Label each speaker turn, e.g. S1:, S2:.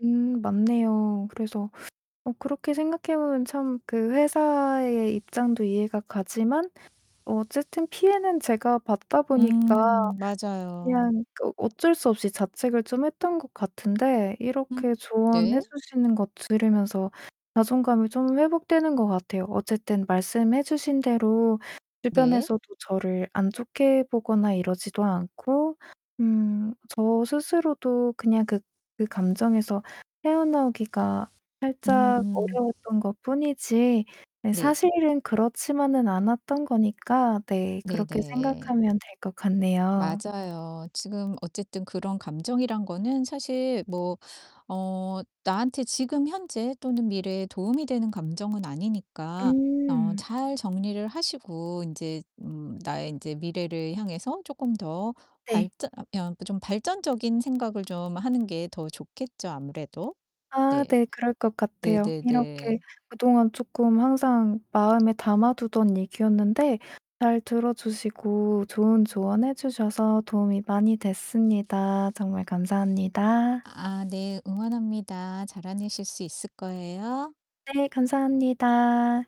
S1: 음 맞네요. 그래서 어 그렇게 생각해 보면 참 그 회사의 입장도 이해가 가지만 어쨌든 피해는 제가 받다 보니까
S2: 음 맞아요.
S1: 그냥 어 어쩔 수 없이 자책을 좀 했던 것 같은데 이렇게
S2: 음
S1: 조언해
S2: 네.
S1: 주시는 거 들으면서 자존감이 좀 회복되는 것 같아요. 어쨌든 말씀해 주신 대로
S2: 네.
S1: 주변에서도 저를 안 좋게 보거나 이러지도 않고 음 저 스스로도 그냥 그 그 감정에서 헤어나오기가 살짝
S2: 음.
S1: 어려웠던 것 뿐이지 네
S2: 네.
S1: 사실은 그렇지만은 않았던 거니까 네 그렇게
S2: 네네.
S1: 생각하면 될 것 같네요.
S2: 맞아요. 지금 어쨌든 그런 감정이란 거는 사실 뭐 어 나한테 지금 현재 또는 미래에 도움이 되는 감정은 아니니까 어
S1: 음.
S2: 잘 정리를 하시고 인제 음 나의 인제 미래를 향해서 쪼끔 더
S1: 네.
S2: 발전 아 그냥 좀 발전적인 생각을 좀 하는 게 더 좋겠죠, 아무래도.
S1: 아
S2: 네.
S1: 네. 그럴 것 같아요. 이렇게
S2: 네네네.
S1: 그동안 쪼끔 항상 마음에 담아 두던 얘기였는데 잘 들어 주시고 좋은 조언해 주셔서 도움이 많이 됐습니다. 정말 감사합니다.
S2: 아 네. 응원합니다. 잘 해내실 수 있을 거예요.
S1: 네. 감사합니다.